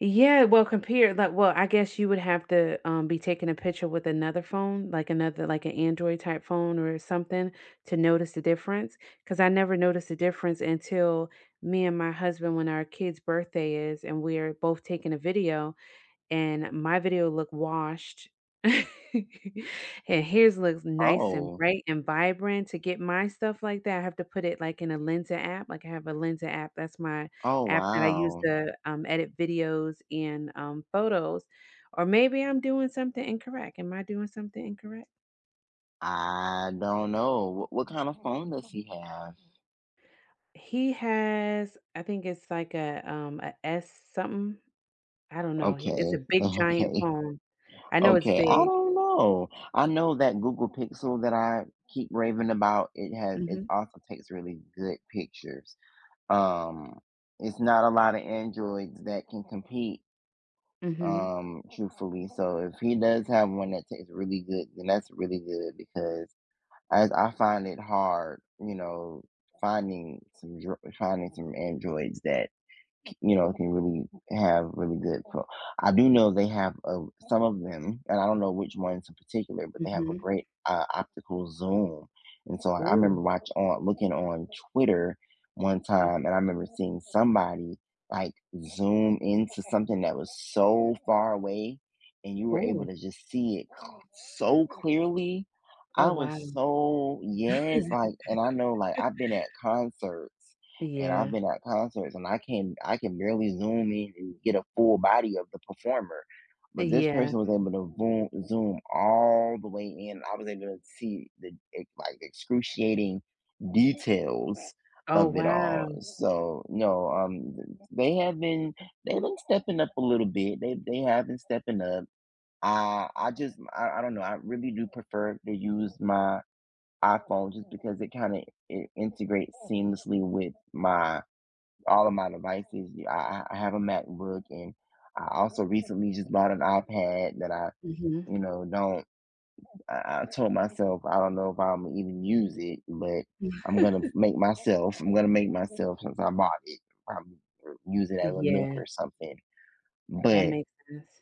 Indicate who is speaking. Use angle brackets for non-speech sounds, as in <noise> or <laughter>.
Speaker 1: Yeah, well, compared that well, I guess you would have to, um, be taking a picture with another phone, like, another, like an Android type phone or something to notice the difference, 'cause I never noticed the difference until me and my husband, when our kid's birthday is and we're both taking a video and my video look washed. <chuckles> And his looks nice and
Speaker 2: Oh.
Speaker 1: bright and vibrant to get my stuff like that, I have to put it, like, in a Lensa app, like, I have a Lensa app that's my
Speaker 2: Oh,
Speaker 1: app that I use
Speaker 2: wow.
Speaker 1: to, um, edit videos and, um, photos. Or maybe I'm doing something incorrect. Am I doing something incorrect?
Speaker 2: I don't know what what kinda phone does he have?
Speaker 1: He has, I think it's like a, um, a S something. I don't know h it's
Speaker 2: Okay,
Speaker 1: a big giant
Speaker 2: okay,
Speaker 1: phone. I know it's
Speaker 2: okay, I
Speaker 1: big.
Speaker 2: don't know. I know that Google Pixel that I keep raving about, it has, it
Speaker 1: Mhm.
Speaker 2: also takes really good pictures. Um, it's not a lotta Androids that can compete.
Speaker 1: Mhm.
Speaker 2: Um, truthfully, so if he does have one that takes really good, then that's really good because I I find it hard, you know, finding some dr finding some androids that, c you know, can really have really good ph I do know they have, uh, some of them, and I don't know which ones in particular, but they have a
Speaker 1: Mhm.
Speaker 2: great, uh, optical zoom, and so I remember
Speaker 1: Ooh.
Speaker 2: watch on looking on Twitter one time
Speaker 1: Mhm.
Speaker 2: and I remember seeing somebody, like, zoom into something that was so far away and you were able
Speaker 1: Ooh.
Speaker 2: to just see it cl so clearly.
Speaker 1: Oh,
Speaker 2: I
Speaker 1: wow.
Speaker 2: was so, yes, like, and I know, like,
Speaker 1: <chuckles>
Speaker 2: I've been at concerts and I've
Speaker 1: Yeah.
Speaker 2: been at concerts and I can I can barely zoom in and get a full body of the performer, but this
Speaker 1: Yeah.
Speaker 2: person was able to voom zoom all the way in. I was able to see the, like, excruciating details
Speaker 1: Oh,
Speaker 2: of it all.
Speaker 1: wow.
Speaker 2: So, no, um, th they have been they've been stepping up a little bit. They they have been stepping up. I I just, m I I don't know, I really do prefer to use my iPhone just because it kinda, it integrates seamlessly with my all of my devices, y I I I have a MacBook, and I also recently just bought an iPad that I,
Speaker 1: Mhm.
Speaker 2: you know, don't, I I told myself, I don't know if Imma even use it, but
Speaker 1: Mm.
Speaker 2: I'm gonna f
Speaker 1: <chuckles>
Speaker 2: make myself I'm gonna make myself since I bought it, I use it as a nook
Speaker 1: Yeah.
Speaker 2: or something.
Speaker 1: That
Speaker 2: But
Speaker 1: makes sense.